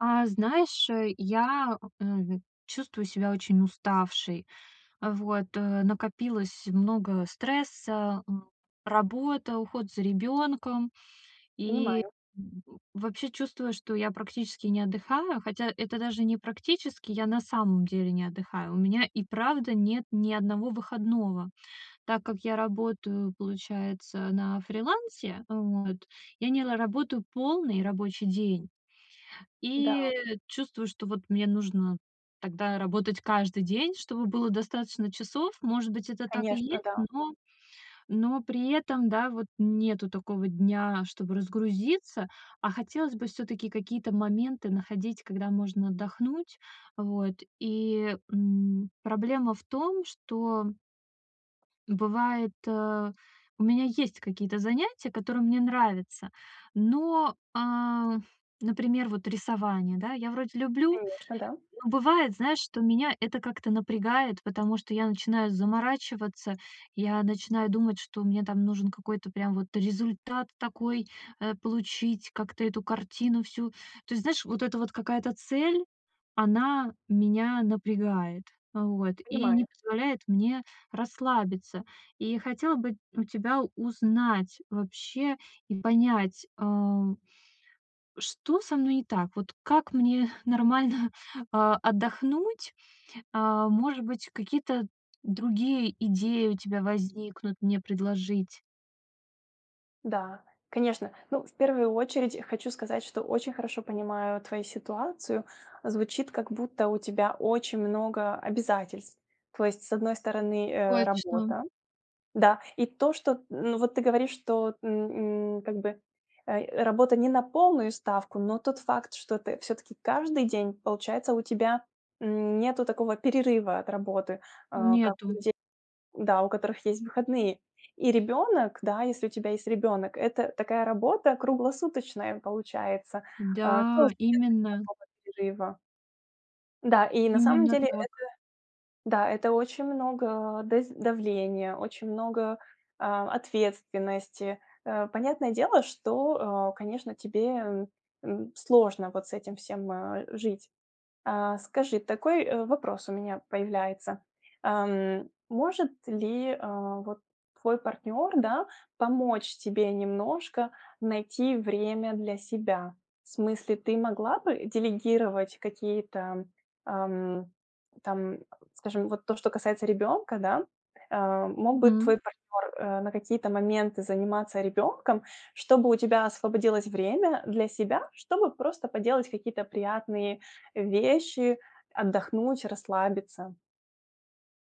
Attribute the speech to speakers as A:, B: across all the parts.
A: А. Знаешь, я, м, чувствую себя очень уставшей. Вот, э, накопилось много стресса: м, работа, уход за ребёнком. И
B: Понимаю.
A: вообще чувствую, что я практически не отдыхаю. Хотя это даже не практически, я на самом деле не отдыхаю. У меня и правда нет ни одного выходного. Так как я работаю, получается, на фрилансе, вот, я не ла работаю полный рабочий день.
B: Да.
A: И чувствую, что вот мне нужно тогда работать каждый день, чтобы было достаточно часов. Может быть, это так и
B: Конечно.
A: есть,
B: Да.
A: но, но при этом, да, вот нету такого дня, чтобы разгрузиться. А хотелось бы всё-таки какие-то моменты находить, когда можно отдохнуть. Вот, и, м, проблема в том, что бывает э, у меня есть какие-то занятия, которые мне нравятся, но, а например, вот рисование, да, я вроде люблю.
B: Конечно, да.
A: Бывает, знаешь, что меня это как-то напрягает, потому что я начинаю заморачиваться, я начинаю думать, что мне там нужен какой-то прям вот результат такой, э, получить, как-то эту картину всю. То есть, знаешь, вот эта вот какая-то цель, она меня напрягает, вот, и не
B: Понимаю.
A: позволяет мне расслабиться. И хотела бы у тебя узнать вообще и понять, э Что со мной не так? Вот как мне нормально, а, отдохнуть? Э, может быть, какие-то другие идеи у тебя возникнут мне предложить?
B: Да, конечно. Ну, в первую очередь, хочу сказать, что очень хорошо понимаю твою ситуацию. Звучит, как будто, у тебя очень много обязательств. То есть, с одной стороны, э,
A: Точно.
B: работа, да? И то, что, ну вот ты говоришь, что, м, м, как бы, э, работа не на полную ставку, но тот факт, что ты всё-таки каждый день, получается, у тебя, м, нету такого перерыва от работы, а, как у
A: Нету.
B: детей, да, у которых есть выходные. И ребенок, да, если у тебя есть ребенок, это такая работа круглосуточная получается. А,
A: Да,
B: тоже нету
A: именно.
B: никакого перерыва. Да, и на самом
A: Именно
B: деле это
A: так.
B: да, это очень много, э, дез давления, очень много, а, ответственности. Э, понятное дело, что, э, конечно, тебе, м, м, сложно вот с этим всем, э, жить. А, скажи, такой, э, вопрос у меня появляется. Эм, может ли, э, вот, твой партнёр, да, помочь тебе немножко найти время для себя? В смысле, ты могла бы делегировать какие-то, ам, там скажем, вот то, что касается ребёнка, да. Э, мог бы
A: Мгм.
B: твой партнёр, э, на какие-то моменты заниматься ребёнком, чтобы у тебя освободилось время для себя, чтобы просто поделать какие-то приятные вещи, отдохнуть, расслабиться.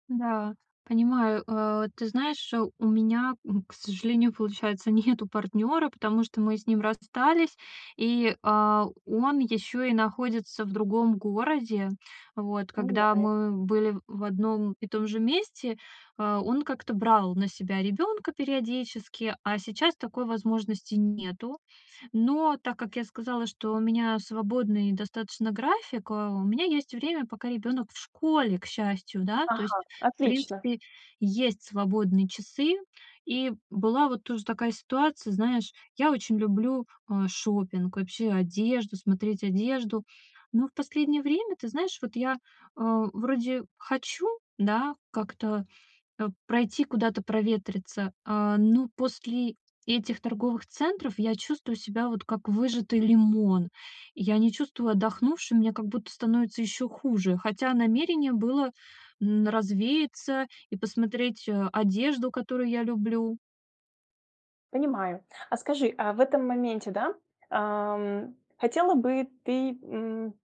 A: Да, понимаю. Э, ты знаешь, у меня, м, к сожалению, получается, нету партнёра, потому что мы с ним расстались, и, а, он ещё и находится в другом городе. Вот, когда
B: Понимаю.
A: мы были в одном и том же месте, э, он как-то брал на себя ребёнка периодически, а сейчас такой возможности нету. Но так как я сказала, что у меня свободный достаточно график, э, у меня есть время, пока ребёнок в школе, к счастью, да, то есть,
B: Ага,
A: в
B: отлично.
A: принципе, есть свободные часы. И была вот тоже такая ситуация, знаешь, я очень люблю, э, шопинг, вообще одежду, смотреть одежду. Но в последнее время, ты знаешь, вот я, э, вроде хочу, да, как-то, э, пройти куда-то проветриться, а, но после этих торговых центров я чувствую себя, вот, как выжатый лимон. Я не чувствую отдохнувшим, мне как будто становится ещё хуже. Хотя намерение было, н развеяться и посмотреть, э, одежду, которую я люблю.
B: Понимаю, а скажи, а в этом моменте, да, ам, хотела бы ты, м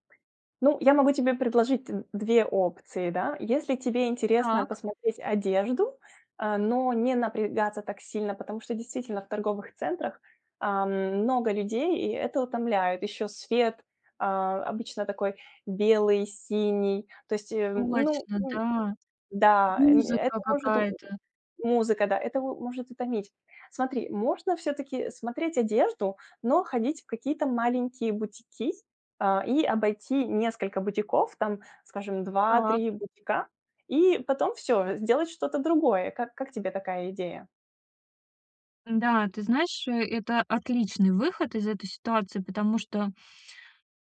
B: ну, я могу тебе предложить д две опции, да. Если тебе интересно
A: Так.
B: посмотреть одежду, э, но не напрягаться так сильно, потому что действительно в торговых центрах, ам, много людей и это утомляет. Еще свет, а, обычно такой белый, синий. То есть, э, ну,
A: Точно,
B: н
A: да.
B: да, э, это
A: Музыка
B: может, м,
A: какая-то.
B: музыка, да, это м, может утомить. Смотри, можно всё-таки смотреть одежду, но ходить в какие-то маленькие бутики, а, и обойти несколько бутиков, там, скажем, два
A: Так.
B: три бутика, и потом всё, сделать что-то другое. Как как тебе такая идея?
A: Н-да, ты знаешь, это отличный выход из этой ситуации, потому что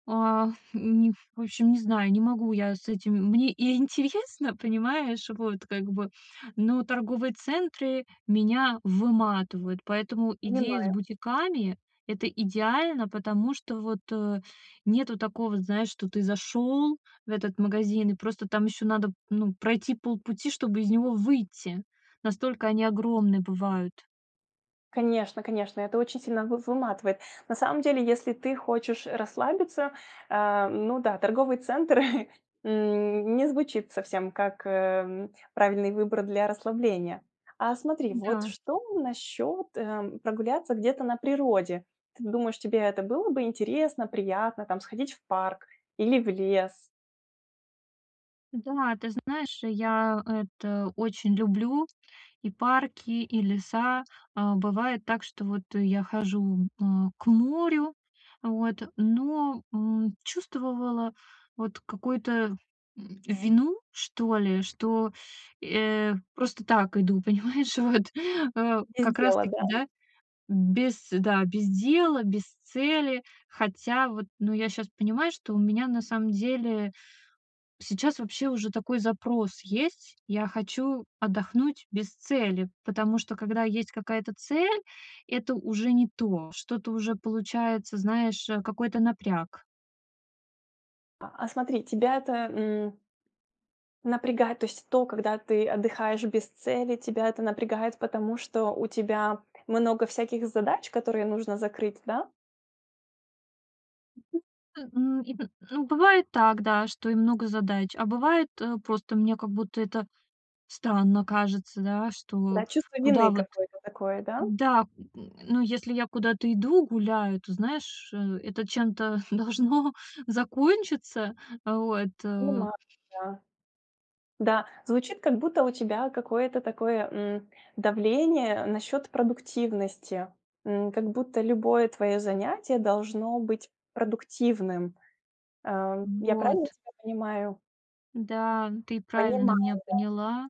A: а, м, в общем, не знаю, не могу я с этим. Мне и интересно, понимаешь, вот как бы, но торговые центры меня выматывают. Поэтому идея с
B: Понимаю.
A: бутиками- это идеально, потому что вот, э, нету такого, знаешь, что ты зашёл в этот магазин, и просто там ещё надо, ну, пройти полпути, чтобы из него выйти. Настолько они огромные бывают.
B: Конечно конечно, это очень сильно вы выматывает. На самом деле, если ты хочешь, э, расслабиться, э, ну да, торговый центр, м, не звучит совсем как, э, м, правильный выбор для расслабления. А смотри, вот
A: Да.
B: что насчёт, э, прогуляться где-то на природе? Ты думаешь, тебе это было бы интересно, приятно, там, сходить в парк или в лес?
A: Да, ты знаешь, я это очень люблю: и парки, и леса. А бывает так, что вот я хожу, э, к морю, вот, но, м, чувствовала, вот, какую-то, м, вину, что ли, что, э, просто так иду, понимаешь, вот, э,
B: Без
A: как раз
B: дела,
A: таки,
B: да?
A: да. Без да, без дела, без цели. Хотя вот, ну, я щас понимаю, что у меня, на самом деле, сейчас вообще уже такой запрос есть. Я хочу отдохнуть без цели, потому что когда есть какая-то цель, это уже не то. Что-то уже получается, знаешь, э, какой-то напряг.
B: А, а смотри, тебя это, м, напрягает, то есть то, когда ты отдыхаешь без цели, тебя это напрягает, потому что у тебя много всяких задач, которые нужно закрыть, да?
A: М, м, и м, ну, бывает так, да, что и много задач, а бывает, э, просто мне как будто это странно кажется, да, что
B: Да, чувство
A: куда
B: вины
A: вот,
B: какое-то такое, да?
A: да, ну, если я куда-то иду, гуляю, то, знаешь, э, это чем-то должно закончиться. Вот, э.
B: Понимаю. Да. Да, звучит как будто у тебя какое-то такое, м, давление насчёт продуктивности. М, как будто любое твоё занятие должно быть продуктивным. Э, я правильно
A: Вот.
B: тебя понимаю?
A: Да, ты правильно
B: Понимаю, да.
A: меня поняла.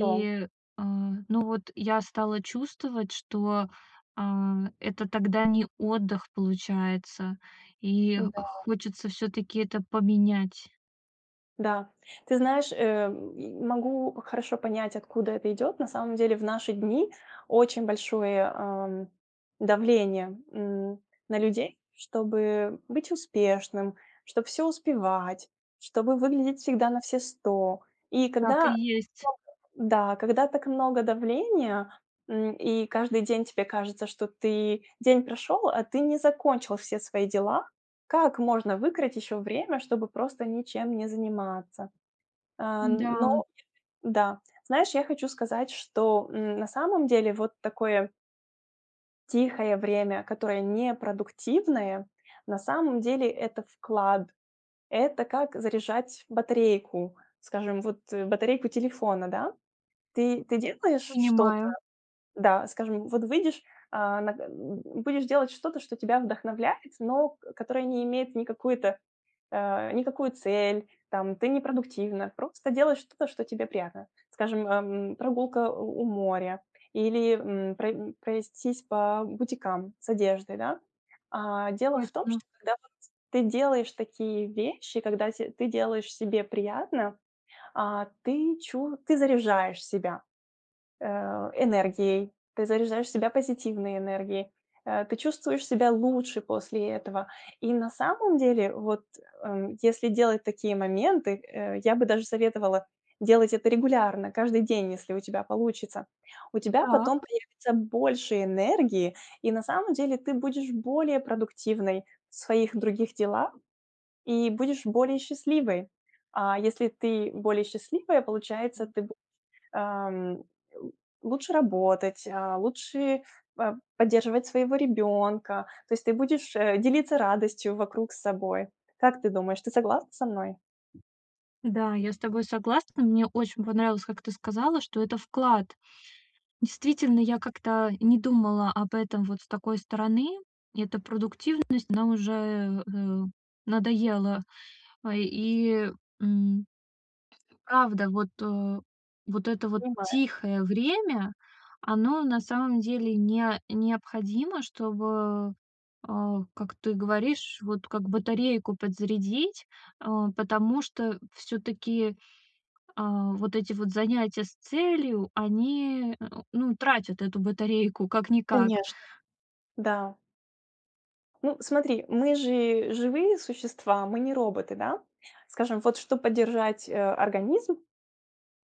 B: Хорошо.
A: а, ну, вот я стала чувствовать, что, а, это тогда не отдых, получается. И
B: Да.
A: хочется всё-таки это поменять.
B: Да. Ты знаешь, э, м, могу хорошо понять, откуда это идёт. На самом деле в наши дни очень большое, а, давление, м, на людей, чтобы быть успешным, чтоб всё успевать, чтобы выглядеть всегда на все 100. И
A: Так и
B: когда,
A: есть.
B: [unintelligible] да, когда так много давления, м, и каждый день тебе кажется, что ты, день прошёл, а ты не закончил все свои дела. Как можно выкроить ещё время, чтобы просто ничем не заниматься? Э,
A: Да.
B: ну, [unintelligible] да, знаешь, я хочу сказать, что, м, на самом деле вот такое Тихое время, которое не продуктивное, на самом деле это вклад. Это как заряжать батарейку, скажем, вот, э, батарейку телефона, да? Ты ты делаешь что-то,
A: Понимаю.
B: да, скажем, вот выйдешь, э, на будешь делать что-то, что тебя вдохновляет, но к которое не имеет никакую-то, э, никакую цель, там, ты не продуктивна, просто делаешь что-то, что тебе приятно. Скажем, а, м, прогулка у у моря или, м, про, м, пройтись по бутикам с одеждой, да? А, дело в том,
A: Точно.
B: что когда вот ты делаешь такие вещи, когда те ты делаешь себе приятно, а, ты чу ты заряжаешь себя, э, энергией. Ты заряжаешь себя позитивной энергией. Э, ты чувствуешь себя лучше после этого. И на самом деле, вот, э, если делать такие моменты, э, я бы даже советовала делать это регулярно, каждый день, если у тебя получится. У тебя
A: Так.
B: потом появится больше энергии, и на самом деле ты будешь более продуктивной в своих других делах и будешь более счастливой. А если ты более счастливая, получается ты б ам л лучше работать, а, лучше п поддерживать своего ребёнка, то есть ты будешь, э, делиться радостью вокруг с собой. Как ты думаешь, ты согласна со мной?
A: Да, я с тобой согласна. Мне очень понравилось, как ты сказала, что это вклад. Действительно, я как-то не думала об этом вот с такой стороны. И эта продуктивность, она уже, э, э, надоела. А, и, м правда, вот, э, вот это вот
B: Понимаю.
A: тихое время, оно на самом деле нео необходимо, чтобы, а, как ты говоришь, вот как батарейку подзарядить. Э, потому что всё-таки, а, вот эти вот занятия с целью, они, э, ну, тратят эту батарейку как-никак.
B: Конечно. Да. Ну смотри, мы же живые существа, мы не роботы, да? Скажем, вот чтоб поддержать, э, организм,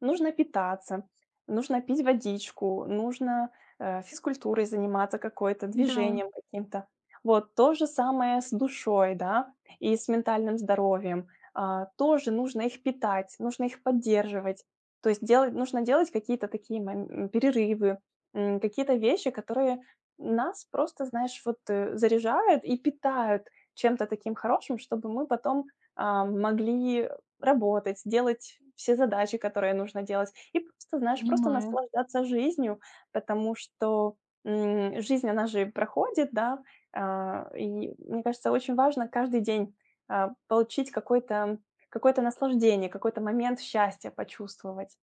B: нужно питаться, нужно пить водичку, нужно, э, физкультурой заниматься какой-то,
A: Да.
B: движением каким-то. Вот то же самое с душой, да, и с ментальным здоровьем. А, тоже нужно их питать, нужно их поддерживать, то есть делать нужно делать какие-то такие мом м, перерывы, м, какие-то вещи, которые нас просто, знаешь, вот, э, заряжают и питают чем-то таким хорошим. Чтобы мы потом, а, могли работать, делать все задачи, которые нужно делать, и просто, знаешь, просто
A: Понимаю.
B: наслаждаться жизнью, потому что, м, жизнь, она же проходит, да. А, и мне кажется, очень важно каждый день, э, получить какой-то, какое-то наслаждение, какой-то момент счастья почувствовать.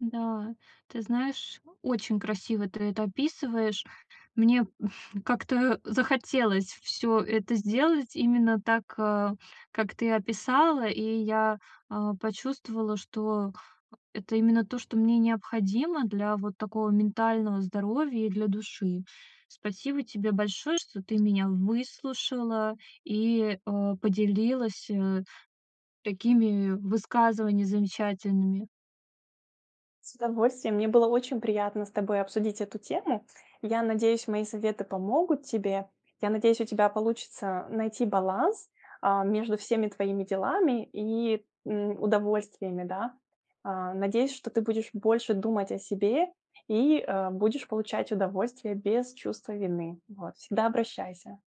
A: Да, ты знаешь, очень красиво ты это описываешь. Мне как-то захотелось всё это сделать именно так, а, как ты описала. И я, а, почувствовала, что это именно то, что мне необходимо для вот такого ментального здоровья и для души. Спасибо тебе большое, что ты меня выслушала и, а, поделилась, э, такими высказываний замечательными.
B: С удовольствием! Мне было очень приятно с тобой обсудить эту тему. Я надеюсь, мои советы помогут тебе. Я надеюсь, у тебя получится найти баланс, а, между всеми твоими делами и, м, удовольствиями, да. А, надеюсь, что ты будешь больше думать о себе и, э, будешь получать удовольствие без чувства вины, вот. Всегда обращайся!